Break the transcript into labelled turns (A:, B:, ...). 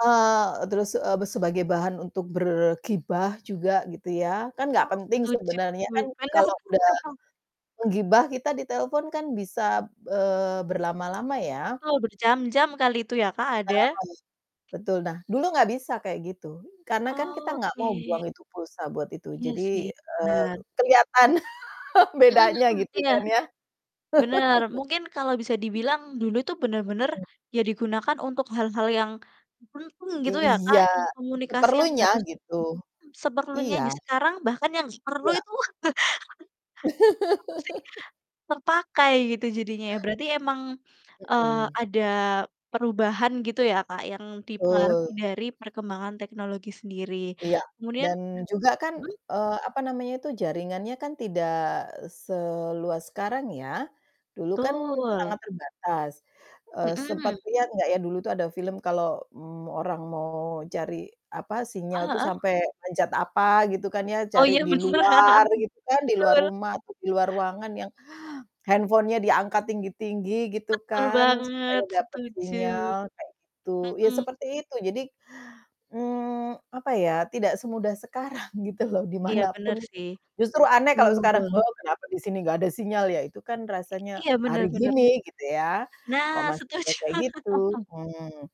A: Heeh, terus, eee, sebagai bahan untuk bergibah juga, gitu ya, kan nggak
B: Oh,
A: penting
B: setuju,
A: sebenarnya kan,
B: padahal
A: kalau udah menggibah, kita ditelepon kan, bisa, eee, berlama-lama ya.
B: Betul, berjam-jam kali itu ya, Kak,
A: Nah,
B: ada.
A: betul, nah, dulu nggak bisa kayak gitu, karena kan kita
B: Oh,
A: nggak mau
B: oke.
A: buang itu pulsa buat itu,
B: Iya
A: jadi,
B: sih,
A: eee,
B: bener.
A: keliatan
B: Mhm
A: bedanya,
B: mhm,
A: gitu
B: iya,
A: kan, ya.
B: bener, mungkin kalau bisa dibilang dulu tuh bener-bener,
A: Mhm.
B: ya digunakan untuk hal-hal yang cukup penting, gitu ya, Kak,
A: Iya,
B: yang komunikasi yang
A: seperlunya
B: harus
A: gitu,
B: seperlunya
A: iya.
B: aja, sekarang bahkan yang perlu
A: Iya.
B: itu, apa sih, terpakai gitu jadinya ya, berarti emang, eee,
A: Mhm.
B: ada perubahan, gitu ya, Kak, yang dipengaruhi
A: Betul.
B: dari perkembangan teknologi sendiri.
A: Iya,
B: Kemudian
A: dan juga kan,
B: mmm?
A: eee, apa namanya tuh, jaringannya kan tidak, eee, seluas sekarang ya. Dulu kan
B: Tul.
A: sangat terbatas, eee, sempet
B: Mhm.
A: lihat nggak ya, dulu tuh ada film kalau, mmm, orang mau cari, apa, sinyal
B: Heeh
A: tuh
B: heeh.
A: sampai manjat apa gitu kan ya,
B: Oh,
A: cari
B: iya,
A: di
B: benar,
A: luar gitu kan, di luar
B: tul.
A: rumah, atau di luar ruangan yang handphone-nya diangkat tinggi-tinggi gitu
B: Betul
A: kan, supaya
B: banget,
A: dapat
B: setuju,
A: sinyal, kayak gitu, ya
B: mhm.
A: seperti itu. Jadi, mmm, apa ya, tidak semudah sekarang, gitu loh, di
B: Iya,
A: manapun
B: bener
A: itu,
B: sih.
A: justru aneh kalau sekarang
B: Tul.
A: kenapa di sini nggak ada sinyal ya, itu kan rasanya
B: I iya,
A: hari
B: bener bener.
A: gini, gitu ya, kok
B: Nah,
A: masih ada
B: setuju.
A: kayak gitu, mmm.